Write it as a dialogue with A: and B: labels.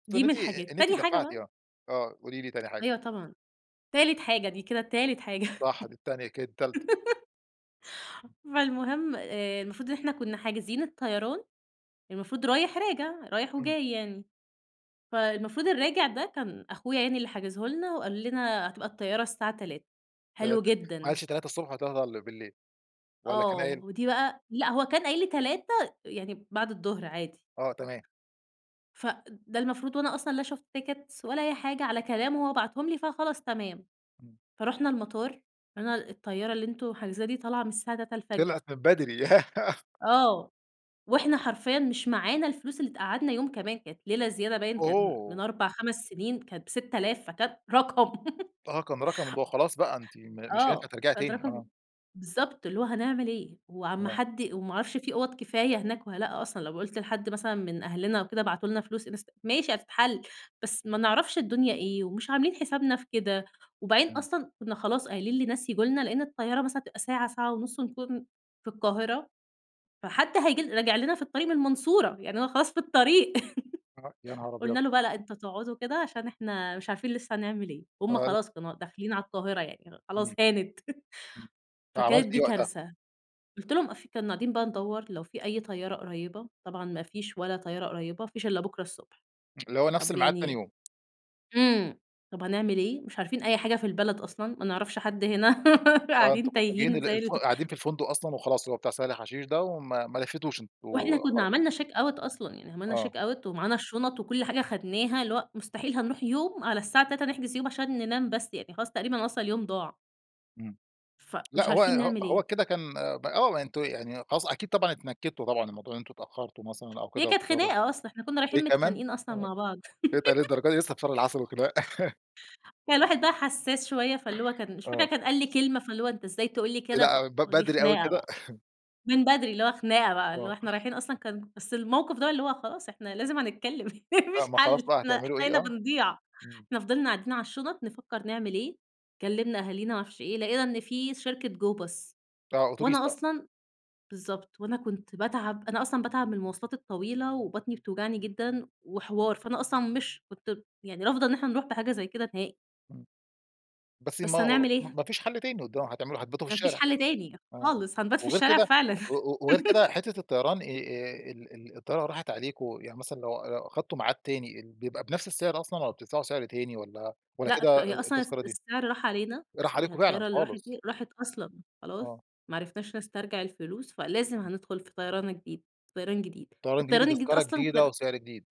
A: خصوصًا إن
B: دي من
A: أنتِ
B: الحاجات.
A: إن أنتِ
B: تاني حاجة
A: دفعتي
B: بقى
A: آه. آه، قولي لي تاني حاجة.
B: أيوه طبعًا. تالت حاجة، دي كده تالت حاجة
A: صح دي التانية كده، التالتة.
B: فالمهم، آآ المفروض إن إحنا كنا حاجزين الطيران، المفروض رايح راجع، رايح
A: إمم.
B: وجاي يعني. فالمفروض الراجع ده كان أخويا يعني اللي حاجزه لنا، وقال لنا هتبقى الطيارة الساعة 15:00، حلو
A: 3:00 ما
B: جدًا.
A: قالش 3:00 والّا 15:00، والّا كان
B: آه،
A: قايل؟
B: ودي بقى لأ هو كان قايل لي 15:00 يعني بعد الظهر عادي.
A: آه تمام.
B: ف ده المفروض وأنا أصلًا لا شُفت tickets ولا أي حاجة، على كلامه هو بعتهم لي فخلاص تمام.
A: إمم.
B: فرُحنا المطار قال لنا الطيارة اللي أنتوا حاجزينها دي طالعة من الساعة 3:00 الفجر.
A: طلعت من بدري
B: آه، وإحنا حرفيًا مش معانا الفلوس اللي تقعدنا يوم كمان، كانت ليلة زيادة باين كان من
A: أوه!
B: 4، 5 سنين، كانت ب6000 فكانت رقم!
A: آه كان رقم ان هو خلاص بقى، أنتِ م مش هينفع
B: آه،
A: ترجعي
B: كانت
A: تاني،
B: رقم
A: آه.
B: بالضبط اللي هو هنعمل إيه؟ وعلى ما
A: آه.
B: حد وما عرفش في أُوَض كفاية هناك والّا لأ أصلًا، لو قُلت لحد مثلًا من أهلنا وكده ابعتولنا فلوس انست ماشي هتتحل، بس ما نعرفش الدنيا إيه ومش عاملين حسابنا في كده، وبعدين
A: إمم.
B: أصلًا كنا خلاص قايلين لناس ييجوا لنا، لأن الطيارة مثلًا هتبقى ساعة، ساعة ونص ونكون في القاهرة، فحد هييجي راجع لنا في الطريق من المنصورة، يعني أنا خلاص في الطريق.
A: آه، يا نهار أبيض!
B: قلنا له بقى: "لأ أنتم تقعدوا كده عشان إحنا مش عارفين لسه هنعمل إيه." وهم
A: آه، ال
B: خلاص كانوا داخلين على القاهرة يعني خلاص
A: إمم
B: هانت،
A: إمم.
B: فكانت
A: فعملتِ إيه
B: دي
A: وقتها؟
B: كارثة. قُلت لهم قاف كنا قاعدين بقى ندوّر لو في أي طيارة قريبة، طبعًا ما فيش ولا طيارة قريبة، ما فيش إلا بكرة الصبح.
A: اللي هو نفس
B: طب
A: المعاد تاني
B: يعني
A: يوم.
B: إمم، طب هنعمل إيه؟ مش عارفين أي حاجة في البلد أصلًا، ما نعرفش حد هنا
A: آه، أنتم
B: قاعدين
A: كنتم جايين
B: تايهين
A: ال
B: زي
A: الف
B: ال
A: قاعدين في الفندق أصلًا وخلاص، اللي هو بتاع سهل حشيش ده وما ما لفيتوش أنتم
B: وإحنا كنا
A: خلاص.
B: عملنا check out أصلًا، يعني عملنا check
A: آه.
B: out ومعانا الشنط وكل حاجة أخدناها، اللي هو مستحيل هنروح يوم على الساعة 15:00 نحجز يوم عشان ننام بس، يعني خلاص تقريبا أصلًا اليوم ضاع.
A: إمم. لأ
B: فمش
A: هو
B: عارفين
A: ه
B: نعمل
A: هو
B: إيه؟
A: كده كان ب آه، أنتم يعني خلاص أكيد طبعًا اتنكدتوا طبعًا من موضوع إن أنتم اتأخرتوا مثلًا أو
B: هي
A: كده
B: كانت
A: واضطر
B: خناقة أصلًا، إحنا كنا
A: إيه
B: رايحين
A: كمان؟
B: متخانقين أصلًا
A: آه،
B: مع بعض
A: إيه ده للدرجة دي لسه في شهر العسل والخناق.
B: كان الواحد بقي حساس شوية فاللي هو كان مش فاكرة
A: آه.
B: كان قال لي كلمة، فاللي هو أنت إزاي تقول لي كده؟! ف
A: لأ ب
B: دي
A: بدري أوي
B: خناقة
A: كده؟
B: بقى. من بدري، اللي هو خناقة بقى اللي هو
A: آه.
B: إحنا رايحين أصلًا كان بس الموقف ده اللي هو خلاص إحنا لازم هنتكلم،
A: آه،
B: مفيش
A: ما
B: حل،
A: خلاص بقى
B: إحنا
A: هتعملوا
B: إحنا
A: إيه؟
B: هنا
A: آه.
B: بنضيع
A: إمم.
B: إحنا فضلنا قاعدين على الشنط نفكر نعمل إيه؟ كلمنا أهالينا معرفش إيه، لقينا إن في شركة go bus
A: آه، أوتوبيس
B: وأنا
A: بقى.
B: أصلًا بالضبط، وأنا كنت باتعب، أنا أصلًا باتعب من المواصلات الطويلة وبطني بتوجعني جدًا وحوار، فأنا أصلًا مش كنت يعني رافضة إن إحنا نروح بحاجة زي كده نهائي.
A: إمم. بس ما
B: بس
A: هو
B: هنعمل إيه؟
A: ما فيش حل تاني قد هتعملوا هتباتوا في
B: ما فيش
A: الشارع.
B: حل تاني،
A: آه،
B: خالص. هنبات في
A: وغير
B: الشارع
A: كده
B: فعلًا.
A: و و وغير كده حتة الطيران آآ ال ال الطيارة راحت عليكم، يعني مثلًا لو لو أخدتم ميعاد تاني، ال بيبقى بنفس السعر أصلًا والّا بتدفعوا سعر تاني والّا والّا
B: لأ ك
A: كده أ
B: هي
A: أ
B: أصلا الس
A: التذكرة دي
B: السعر راح علينا،
A: راح
B: يعني هي
A: عليكم فعلًا
B: الطيارة اللي راحت
A: خالص؟
B: دي راحت أصلًا، خلاص.
A: آه.
B: ما عرفناش نسترجع الفلوس، فلازم هندخل في طيران الجديد، في طيران جديد،
A: طيران جديد
B: والطيران الجديد
A: بتذكرة
B: أصلًا
A: جديدة
B: كان
A: وسعر جديد.